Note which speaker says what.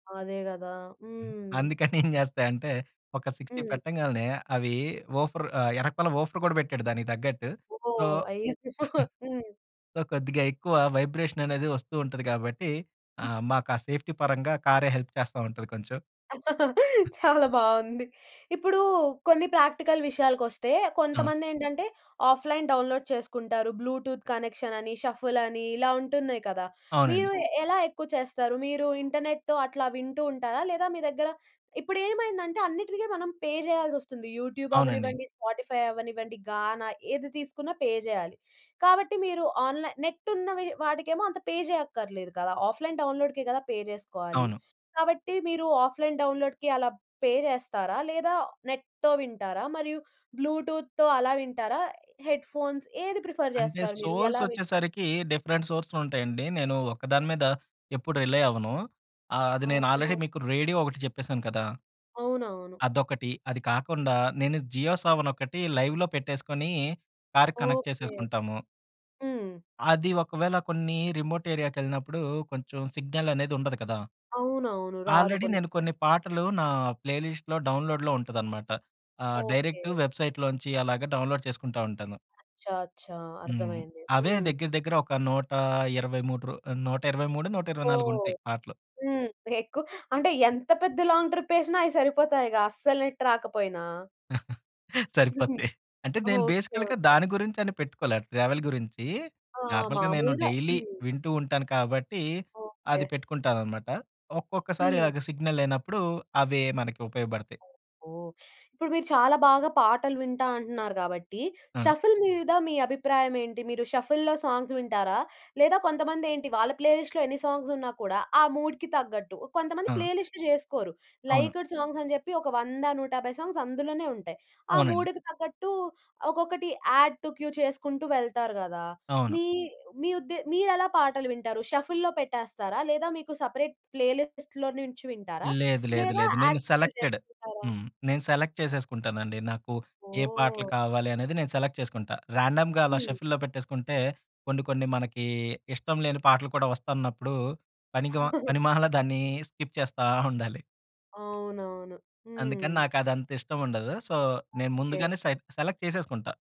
Speaker 1: అదే గదా!
Speaker 2: హ్మ్.
Speaker 1: హ్మ్.
Speaker 2: అందుకనేంచేస్తయి అంటే ఒక 60
Speaker 1: హ్మ్.
Speaker 2: పెట్టంగాల్నే అవి వూఫర్, ఆహ్, ఏరకాల వూఫర్ గూడా పెట్టాడు దానికి తగ్గట్టు. సో,
Speaker 1: ఓహ్! అయ్యో! హ్మ్.
Speaker 2: సో, కొద్దిగా ఎక్కువ వైబ్రేషన్ అనేది వస్తూ ఉంటది గాబట్టి ఆహ్, మాకు ఆ సేఫ్టీ పరంగా కారే హెల్ప్ చేస్తా ఉంటది కొంచెం.
Speaker 1: చాలా బాగుంది. ఇప్పుడు కొన్ని ప్రాక్టికల్ విషయాలకొస్తే
Speaker 2: అవును.
Speaker 1: కొంతమందేంటంటే ఆఫ్‌లైన్ డౌన్‌లోడ్ చేసుకుంటారు. బ్లూటూత్ కనెక్షన్ అని, షఫుల్ అని, ఇలా ఉంటున్నాయి కదా!
Speaker 2: అవునండి.
Speaker 1: మీరు ఎలా ఎక్కువ చేస్తారు? మీరు ఇంటర్నెట్‌తో అట్లా వింటూ ఉంటారా? లేదా మీ దగ్గర ఇప్పుడేంమైందంటే అన్నిటికి మనం పే చేయాల్సొస్తుంది. యూట్యూబ్
Speaker 2: అవునండి.
Speaker 1: అవ్వనివ్వండి, స్పాటిఫై అవ్వనివ్వండి, గానా ఏది తీసుకున్నా పే చేయాలి. కాబట్టి మీరు ఆన్‌లైన్ నెట్ ఉన్నవి వాడికేమో అంత పే చేయక్కర్లేదు గదా! ఆఫ్‌లైన్ డౌన్‌లోడ్‌కి గదా! పే చేసుకోవాలి.
Speaker 2: అవును.
Speaker 1: కాబట్టి మీరు ఆఫ్‌లైన్ డౌన్‌లోడ్‌కి అలా పే చేస్తారా? లేదా నెట్‌తో వింటారా? మరియు బ్లూటూత్‌తో అలా వింటారా? హెడ్‌ఫోన్స్ ఏది ప్రిఫర్
Speaker 2: అంటే
Speaker 1: చేస్తారు మీరు
Speaker 2: సోర్స్
Speaker 1: ఎలా వింటారు?
Speaker 2: వచ్చేసరికి డిఫరెంట్ సోర్సెస్ ఉంటాయండి. నేను ఒక్కదాని మీద ఎప్పుడు రిలై అవ్వను. ఆహ్, అది నేను ఆల్రెడీ
Speaker 1: అవును.
Speaker 2: మీకు రేడియో ఒకటి చెప్పేసాను కదా!
Speaker 1: అవునవును.
Speaker 2: అదొకటి, అది కాకుండా నేను జియో సావన్ ఒకటి లైవ్‌లో పెట్టేసుకొని కార్‌కి కనెక్ట్
Speaker 1: ఓకే.
Speaker 2: చేసేసుకుంటాము.
Speaker 1: హ్మ్.
Speaker 2: అది ఒకవేళ కొన్ని రిమోట్ ఏరియాకెళ్ళినప్పుడు కొంచెం సిగ్నల్ అనేది ఉండదు కదా!
Speaker 1: అవునవును. రాదు.
Speaker 2: ఆల్రెడీ
Speaker 1: కొన్ని
Speaker 2: నేను
Speaker 1: సార్లు.
Speaker 2: కొన్ని పాటలు నా ప్లేలిస్ట్‌లో డౌన్‌లోడ్‌లో ఉంటదన్నమాట. ఆహ్, డైరెక్ట్
Speaker 1: ఓకే.
Speaker 2: వెబ్‌సైట్‌లో నుంచి అలాగా డౌన్‌లోడ్ చేసుకుంటా ఉంటాను.
Speaker 1: అచ్చా! అచ్చా!
Speaker 2: హ్మ్.
Speaker 1: అర్థమైంది.
Speaker 2: అవే
Speaker 1: హ్మ్.
Speaker 2: దగ్గర దగ్గర ఒక 123 రు నూట ఇరవై మూడో, నూట ఇరవై నాలుగొ
Speaker 1: ఓహ్!
Speaker 2: ఉంటాయి పాటలు.
Speaker 1: హ్మ్. ఎక్కువ అంటే ఎంత పెద్ద లాంగ్ ట్రిప్ ఎసినా అయి సరిపోతాయిగా అస్సలు నెట్ రాకపోయినా.
Speaker 2: సరిపోతాయి. అంటే నేను
Speaker 1: ఓకే.
Speaker 2: బేసికల్‌గా
Speaker 1: ఓకే.
Speaker 2: దాని గురించి అని పెట్టుకోలే ట్రావెల్ గురించి,
Speaker 1: ఆ!
Speaker 2: నార్మల్‌గా నేను
Speaker 1: మామూలుగా
Speaker 2: డైలీ
Speaker 1: హ్మ్.
Speaker 2: వింటూ ఉంటాను కాబట్టి
Speaker 1: ఓకే.
Speaker 2: అది పెట్టుకుంటానన్నమాట. ఒక్కొక్కసారి
Speaker 1: హ్మ్.
Speaker 2: అదే సిగ్నల్ లేనప్పుడు అవే మనకు ఉపయోగపడతాయి.
Speaker 1: ఓహో! ఇప్పుడు మీరు చాలా బాగా పాటలు వింటా అంటున్నారు గాబట్టి
Speaker 2: ఆ!
Speaker 1: షఫుల్ మీద మీ అభిప్రాయమేంటి? మీరు షఫుల్‌లో సాంగ్స్ వింటారా? లేదా కొంతమందేంటి వాళ్ళ ప్లేలిస్ట్‌లో ఎన్ని సాంగ్స్ ఉన్నా కూడా ఆ మూడ్‌కి తగ్గట్టు కొంతమంది
Speaker 2: ఆ!
Speaker 1: ప్లేలిస్ట్‌లు చేసుకోరు.
Speaker 2: అవును.
Speaker 1: లైక్డ్ సాంగ్స్ అని చెప్పి ఒక 100, 150 సాంగ్స్ అందులోనే ఉంటాయి. ఆ
Speaker 2: అవునండి.
Speaker 1: మూడ్‌కి తగ్గట్టు ఒక్కొక్కటి యాడ్ టు క్యూ చేసుకుంటూ వెళ్తారు గదా!
Speaker 2: అవును.
Speaker 1: మీ మీ ఉద్దే మీరెలా పాటలు వింటారు? షఫుల్‌లో పెట్టేస్తారా? లేదా మీకు సెపరేట్ ప్లేలిస్ట్‌లో నుంచి వింటారా?
Speaker 2: లేదు లేదు
Speaker 1: లేదా
Speaker 2: లేదు. నేను
Speaker 1: యాడ్ టు క్యూ
Speaker 2: సెలెక్టెడ్.
Speaker 1: చేసుకుంటారా?
Speaker 2: హ్మ్. నేను సెలెక్ట్ చేసేసుకుంటానండి. నాకు ఏ పాటలు
Speaker 1: ఓహ్!
Speaker 2: కావాలనేది నేను సెలెక్ట్ చేసుకుంటా. రాండమ్‌గా అలా
Speaker 1: హ్మ్.
Speaker 2: షఫుల్‌లో పెట్టేసుకుంటే కొన్ని కొన్ని మనకి ఇష్టం లేని పాటలు కూడా వస్తున్నప్పుడు పనికిమా పనిమాలా దాన్ని స్కిప్ చేస్తా ఉండాలి.
Speaker 1: అవునవును.
Speaker 2: అందుకని
Speaker 1: హ్మ్.
Speaker 2: నాకు అదంత ఇష్టం ఉండదు. సో, నేను
Speaker 1: ఓకే.
Speaker 2: ముందుగానే సెట్ సెలెక్ట్ చేసేసుకుంటా.